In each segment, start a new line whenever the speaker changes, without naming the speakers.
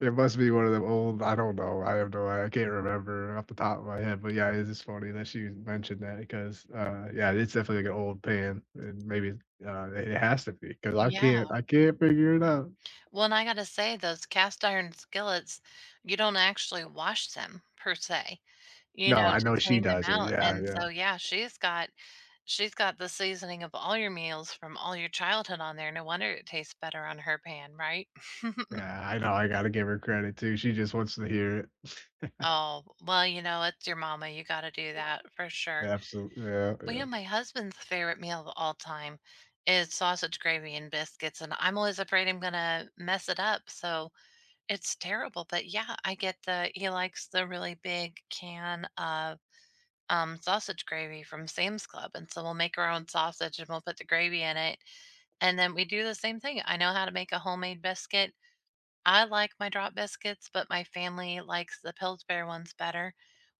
It must be one of them old I don't know. I have no I I can't remember off the top of my head. But, yeah, it is funny that she mentioned that 'cause, uh, yeah, it's definitely, like, an old pan. And maybe, uh, it has to be 'cause I
Yeah.
can't I can't figure it out.
Well, and I gotta say those cast-iron skillets, you don't actually wash them per se, you
No,
know,
I
to
know she
clean them
does it.
out.
Yeah,
And
yeah.
so, yeah, she's got she's got the seasoning of all your meals from all your childhood on there. No wonder it tastes better on her pan, right?
Yeah, I know. I gotta give her credit, too. She just wants to hear it.
Oh, well, you know, it's your mama, you gotta do that for sure.
Absolu yeah,
Well, you
yeah.
know, my husband's favorite meal of all time is sausage gravy and biscuits, and I'm always afraid I'm gonna mess it up. So, it's terrible. But, yeah, I get the he likes the really big can of, um, sausage gravy from Sam's Club. And so, we'll make our own sausage, and we'll put the gravy in it. And then we do the same thing. I know how to make a homemade biscuit. I like my drop biscuits, but my family likes the Pillsbury ones better.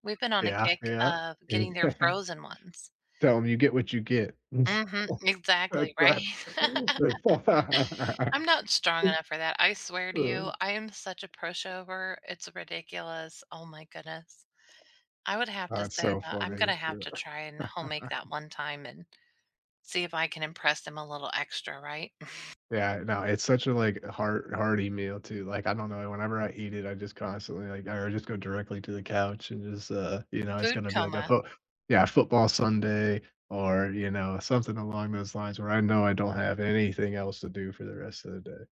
We've been on a
Yeah,
kick
yeah.
of getting their
Yeah.
frozen ones.
Tell 'em, "You get what you get." That's
Mhm, exactly, right?
that.
I'm not strong enough for that. I swear to
Uh.
you, I am such a pushover. It's ridiculous. Oh my goodness. I would have to
That's
say
so
that I'm
funny,
gonna
yeah.
have to try and home-make that one time and see if I can impress him a little extra, right?
Yeah, no. It's such a, like, heart hearty meal, too. Like, I don't know, whenever I eat it, I just constantly, like, I r just go directly to the couch and just, uh, you know, it's
Food
gonna be like a
coma.
foot Yeah, a football Sunday or, you know, something along those lines where I know I don't have anything else to do for the rest of the day.